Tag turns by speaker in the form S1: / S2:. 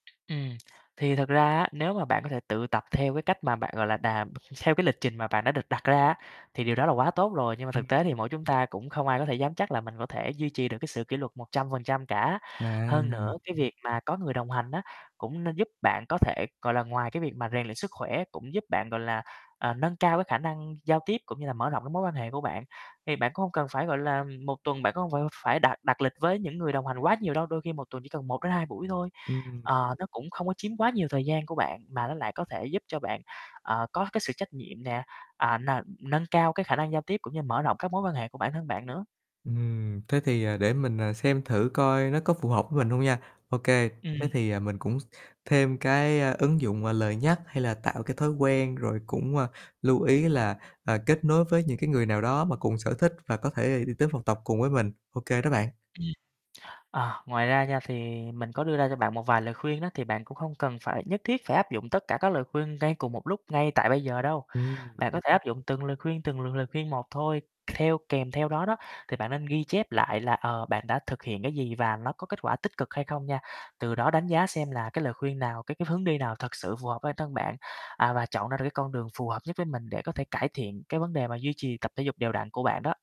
S1: Ừm, thì thật ra á, nếu mà bạn có thể tự tập theo cái cách mà bạn, gọi là, đàm theo cái lịch trình mà bạn đã được đặt ra á, thì điều đó là quá tốt rồi, nhưng mà
S2: Ừm.
S1: thực tế thì mỗi chúng ta cũng không ai có thể dám chắc là mình có thể duy trì được cái sự kỉ luật 100% cả. Hơn nữa
S2: À.
S1: cái việc mà có người đồng hành á, cũng nên giúp bạn có thể gọi là ngoài cái việc mà rèn luyện sức khỏe, cũng giúp bạn, gọi là, ờ, nâng cao cái khả năng giao tiếp cũng như là mở rộng cái mối quan hệ của bạn. Thì bạn cũng hông cần phải, gọi là, ừm, 1 tuần bạn cũng hông phải phải đặt đặt lịch với những người đồng hành quá nhiều đâu, đôi khi một tuần chỉ cần 1-2 buổi thôi.
S2: Ừm.
S1: Ờ, nó cũng không có chiếm quá nhiều thời gian của bạn, mà nó lại có thể giúp cho bạn, ờ, có cái sự trách nhiệm nè, à, n nâng cao cái khả năng giao tiếp cũng như mở rộng các mối quan hệ của bản thân bạn nữa.
S2: Ừm, thế thì, à, để mình, à, xem thử coi nó có phù hợp với mình hông nha. Ô kê, thế
S1: Ừm.
S2: thì, à, mình cũng thêm cái ứng dụng, à, lời nhắc hay là tạo cái thói quen rồi cũng, à, lưu ý là, à, kết nối với những cái người nào đó mà cùng sở thích và có thể đi tới phòng tập cùng với mình. Ô kê đó bạn.
S1: Ờ, ngoài ra nha thì mình có đưa ra cho bạn một vài lời khuyên đó, thì bạn cũng không cần phải nhất thiết phải áp dụng tất cả các lời khuyên ngay cùng một lúc, ngay tại bây giờ đâu.
S2: Ừm.
S1: Bạn có thể áp dụng từng lời khuyên, từng lừng lời khuyên một thôi, theo kèm theo đó đó, thì bạn nên ghi chép lại là, ờ, bạn đã thực hiện cái gì và nó có kết quả tích cực hay không nha. Từ đó đánh giá xem là cái lời khuyên nào, cái cái hướng đi nào thực sự phù hợp bản thân bạn, à, và chọn ra được cái con đường phù hợp nhất với mình để có thể cải thiện cái vấn đề mà duy trì tập thể dục đều đặn của bạn đó.